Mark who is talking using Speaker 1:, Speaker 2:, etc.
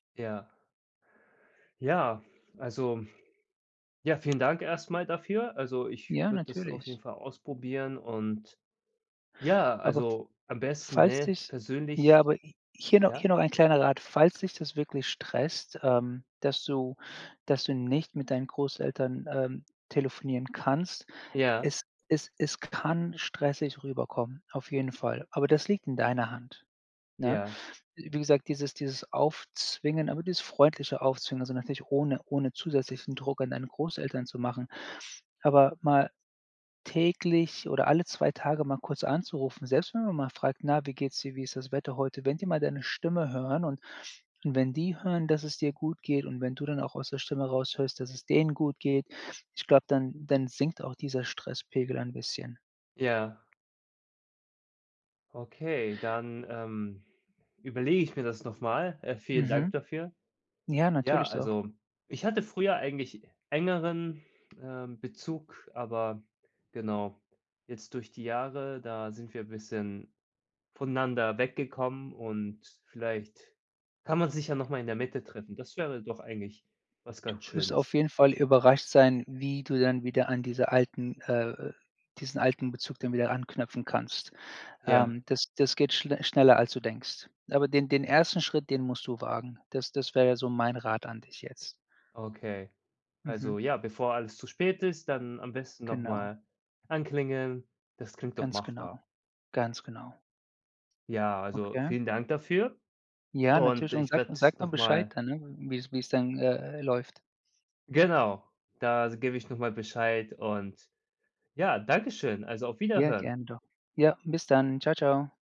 Speaker 1: Ja. Ja, also, ja, vielen Dank erst mal dafür. Also, ich
Speaker 2: Ja,
Speaker 1: würde das auf
Speaker 2: natürlich.
Speaker 1: jeden Fall ausprobieren und ja,
Speaker 2: Aber
Speaker 1: also, am besten,
Speaker 2: falls
Speaker 1: ne,
Speaker 2: dich ja,
Speaker 1: persönlich,
Speaker 2: aber hier noch hier
Speaker 1: ja?
Speaker 2: noch ein kleiner Rat. Falls dich das wirklich stresst, ähm, dass du dass du nicht mit deinen Großeltern, ähm, telefonieren kannst,
Speaker 1: Ja.
Speaker 2: es es es kann stressig rüberkommen, auf jeden Fall. Aber das liegt in deiner Hand. Ne?
Speaker 1: Ja.
Speaker 2: Wie gesagt, dieses dieses Aufzwingen aber dieses freundliche Aufzwingen, also natürlich ohne ohne zusätzlichen Druck an deine Großeltern zu machen. Aber mal täglich oder alle 2 Tage mal kurz anzurufen, selbst wenn man mal fragt: „Na, wie geht es dir, wie ist das Wetter heute?“ Wenn die mal deine Stimme hören und wenn die hören, dass es dir gut geht, und wenn du dann auch aus der Stimme heraus hörst, dass es denen gut geht, ich glaube, dann dann sinkt auch dieser Stresspegel ein bisschen.
Speaker 1: Ja Okay, dann, ähm, überlege ich mir das noch mal. Äh, vielen dank
Speaker 2: Mhm.
Speaker 1: dafür.
Speaker 2: Ja,
Speaker 1: Ja,
Speaker 2: natürlich doch.
Speaker 1: also, ich hatte früher eigentlich engeren, ähm, Bezug, aber genau jetzt durch die Jahre, da sind wir bisschen voneinander weggekommen und vielleicht kann man sich ja noch mal in der Mitte treffen. Das wäre doch eigentlich was
Speaker 2: Du
Speaker 1: ganz
Speaker 2: wirst
Speaker 1: Schönes.
Speaker 2: auf jeden Fall überrascht sein, wie du dann wieder an dieser alten, äh diesen alten Bezug dann wieder anknüpfen kannst.
Speaker 1: Ja.
Speaker 2: Ähm, das das geht schl schneller als du denkst. Aber den den 1. Schritt, den musst du wagen. Das das wäre so mein Rat an dich jetzt.
Speaker 1: Okay, also
Speaker 2: Mhm.
Speaker 1: ja, bevor alles zu spät ist, dann am besten noch
Speaker 2: Genau.
Speaker 1: mal anklingeln. Das klingt doch
Speaker 2: Ganz
Speaker 1: machbar.
Speaker 2: genau. Ganz genau.
Speaker 1: Ja, also
Speaker 2: Okay.
Speaker 1: vielen Dank dafür
Speaker 2: Ja,
Speaker 1: und
Speaker 2: natürlich und
Speaker 1: ich
Speaker 2: sag
Speaker 1: werde
Speaker 2: sag mal
Speaker 1: noch
Speaker 2: Bescheid
Speaker 1: mal
Speaker 2: dann, wie wie es dann, äh, läuft.
Speaker 1: Genau, da s gebe ich noch mal Bescheid und ja, danke schön. Also, auf
Speaker 2: Ja,
Speaker 1: Wiederhören.
Speaker 2: gerne doch. Ja, bis dann. Tschau, tschau.